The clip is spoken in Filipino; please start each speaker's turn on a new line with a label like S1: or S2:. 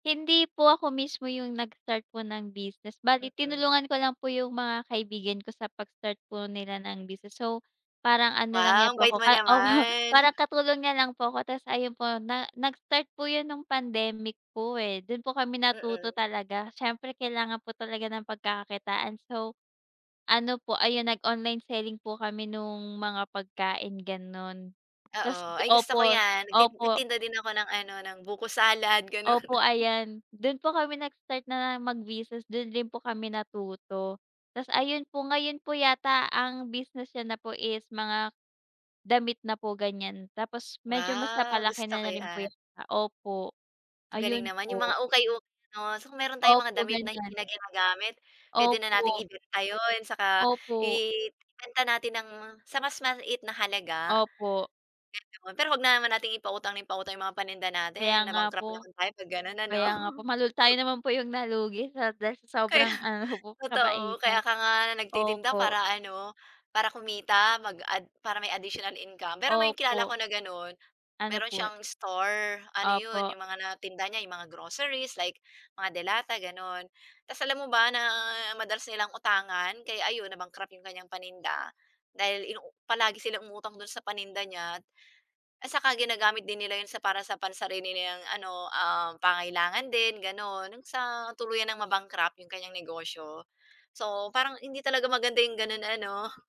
S1: Hindi po ako mismo yung nag-start po ng business bali
S2: Mm.
S1: tinulungan ko lang po yung mga kaibigan ko sa pag-start po nila ng business. So, parang ano lang niya
S2: Wow! Ang
S1: po
S2: bait
S1: ako,
S2: mo
S1: opo
S2: naman.
S1: parang katulong niya lang po ko ta's ayun po na nag-start po 'yon nung pandemic po, eh, dun po kami natuto
S2: Mm.
S1: talaga siyempre kailangan po talaga ng pagkakakitaan. So, ano po ayun nag-online selling po kami nung mga pagkain gano'n. Ta's
S2: Oo, ay gusto ko
S1: opo,
S2: 'yan, nag
S1: opo.
S2: nagtinda din ako ng ano, ng buko salad gano'n.
S1: Opo ayan dun po kami nag-start na mag-business dun din po kami natuto, ta's ayun po ngayon po yata ang business niya na po is mga damit na po gan'yan tapos medyo mas
S2: Wow!
S1: napalaki
S2: Gusto
S1: na
S2: ko
S1: rin po
S2: 'yan.
S1: yata, opo
S2: Ang galing
S1: ayun
S2: naman yung
S1: po.
S2: mga ukay-ukay ano kung meron tayong mga
S1: Opo,
S2: damit na hindi
S1: gan'yan.
S2: na ginagamit puwede na nating
S1: Opo.
S2: ibenta 'yon, 'tsaka
S1: Opo.
S2: ibenta natin ng sa mas maliit na halaga.
S1: Opo.
S2: [unintelligible] pero huwag na naman nating ipautang ng ipautang yung mga paninda
S1: Kaya
S2: natin
S1: nga
S2: na-bankrupt
S1: po.
S2: naman tayo pag gano'n, ano.
S1: Kaya nga po malul tayo naman po yung nalugi at dahil sa
S2: Kaya,
S1: sobrang ano po
S2: totoo kaya
S1: kabaitan,
S2: ka nga nagtitinda
S1: opo.
S2: para ano para kumita, mag-add para may additional income pero may kilala
S1: Opo.
S2: ko na gano'n
S1: Ano
S2: meron
S1: po yu
S2: siyang store, ano 'yon
S1: Opo.
S2: 'yong mga natinda niya 'yong mga groceries like, mga delata gano'n. Tas alam mo ba, na madalas nilang utangan kaya ayun na-bankrupt 'yong kanyang paninda. Dahil inuu palagi silang umutang do'n sa paninda niya at saka ginagamit din nila 'yon sa para sa pansarili niyang ano, ah, pangangailangan din gano'n hanggang sa tuluyan ng ma-bankrupt 'yong kanyang negosyo. So, parang hindi talaga maganda 'yong gano'n ano.